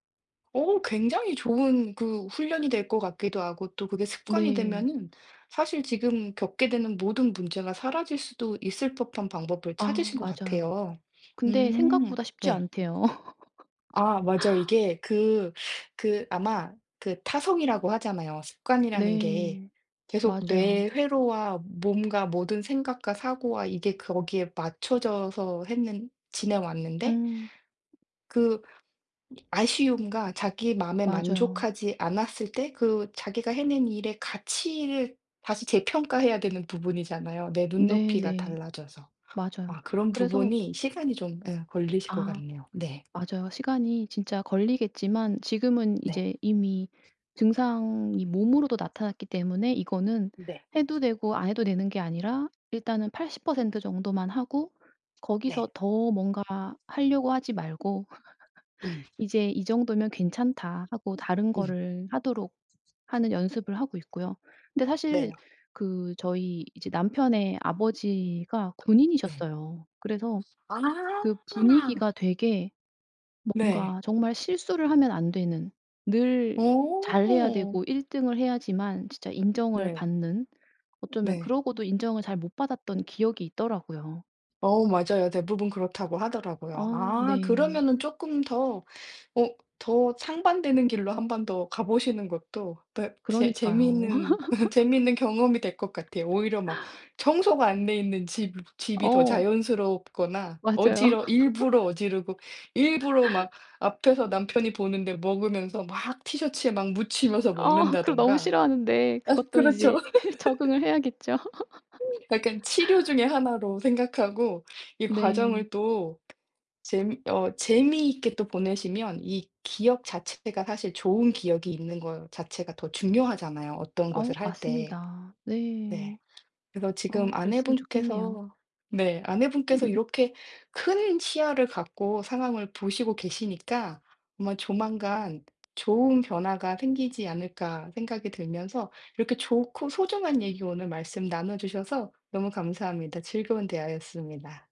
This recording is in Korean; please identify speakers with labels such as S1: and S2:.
S1: 어 굉장히 좋은 그 훈련이 될 것 같기도 하고 또 그게 습관이
S2: 네.
S1: 되면은 사실 지금 겪게 되는 모든 문제가 사라질 수도 있을 법한 방법을
S2: 아
S1: 찾으신 것
S2: 맞아요.
S1: 같아요.
S2: 근데
S1: 음.
S2: 생각보다 쉽지
S1: 네.
S2: 않대요.
S1: 아 맞아요. 이게 그 그 아마 그 타성이라고 하잖아요. 습관이라는 게
S2: 네.
S1: 계속
S2: 맞아요.
S1: 뇌 회로와 몸과 모든 생각과 사고와 이게 거기에 맞춰져서 했는 지내 왔는데
S2: 음.
S1: 그 아쉬움과 자기 마음에
S2: 맞아요.
S1: 만족하지 않았을 때 그 자기가 해낸 일의 가치를 다시 재평가해야 되는 부분이잖아요 내
S2: 네.
S1: 눈높이가
S2: 네.
S1: 달라져서.
S2: 맞아요.
S1: 아 그런
S2: 그래서
S1: 부분이 시간이 좀 응 걸리실 것
S2: 아.
S1: 같네요. 네.
S2: 맞아요. 시간이 진짜 걸리겠지만 지금은
S1: 네.
S2: 이제 이미 증상이 몸으로도 나타났기 때문에 이거는
S1: 네.
S2: 해도 되고 안 해도 되는 게 아니라 일단은 80% 정도만 하고
S1: 네.
S2: 거기서 더 뭔가 하려고 하지 말고
S1: 음.
S2: 이제 이 정도면 괜찮다 하고 다른
S1: 음.
S2: 거를 하도록 하는 연습을 하고 있고요. 근데 사실
S1: 네.
S2: 그 저희 이제 남편의 아버지가
S1: 네.
S2: 군인이셨어요. 그래서
S1: 아.
S2: 그 분위기가 되게
S1: 네.
S2: 뭔가 정말 실수를 하면 안 되는 늘 잘해야
S1: 어.
S2: 되고 1 등을 해야지만 진짜 인정을
S1: 네.
S2: 받는, 어쩌면
S1: 네.
S2: 그러고도 인정을 잘 못 받았던 기억이 있더라고요.
S1: 어 맞아요. 대부분 그렇다고 하더라고요.
S2: 아.
S1: 아
S2: 네.
S1: 그러면은 조금 더 어 더 상반되는 길로 한번 더 가보시는 것도 더 재
S2: 그러니까요.
S1: 재미있는, 재미있는 경험이 될 것 같아요. 오히려 막 청소가 안 돼 있는 집 집이 더
S2: 어.
S1: 자연스럽거나
S2: 맞아요.
S1: 어지러 일부러 어지르고 일부러 막 앞에서 남편이 보는데 먹으면서 막 티셔츠에 막 묻히면서
S2: 어. 그거 너무
S1: 먹는다든가.
S2: 싫어하는데
S1: 아
S2: 그것도
S1: 그렇죠.
S2: 이제 적응을 해야겠죠.
S1: [unintelligible] 약간 치료 중의 하나로 생각하고 이
S2: 네.
S1: 과정을 또 재미 어 재미있게 또 보내시면 이 기억 자체가 사실 좋은 기억이 있는 거 자체가 더 중요하잖아요 어떤
S2: 어
S1: 것을 할 때.
S2: 맞습니다. 네.
S1: 네. 그래서
S2: 어
S1: 지금
S2: 그랬으면 좋겠네요.
S1: 아내분께서 네 아내분께서 이렇게 큰 시야를 갖고 상황을 보시고 계시니까 아마 조만간 좋은 변화가 생기지 않을까 생각이 들면서 이렇게 좋고 소중한 얘기 오늘 말씀 나눠주셔서 너무 감사합니다. 즐거운 대화였습니다.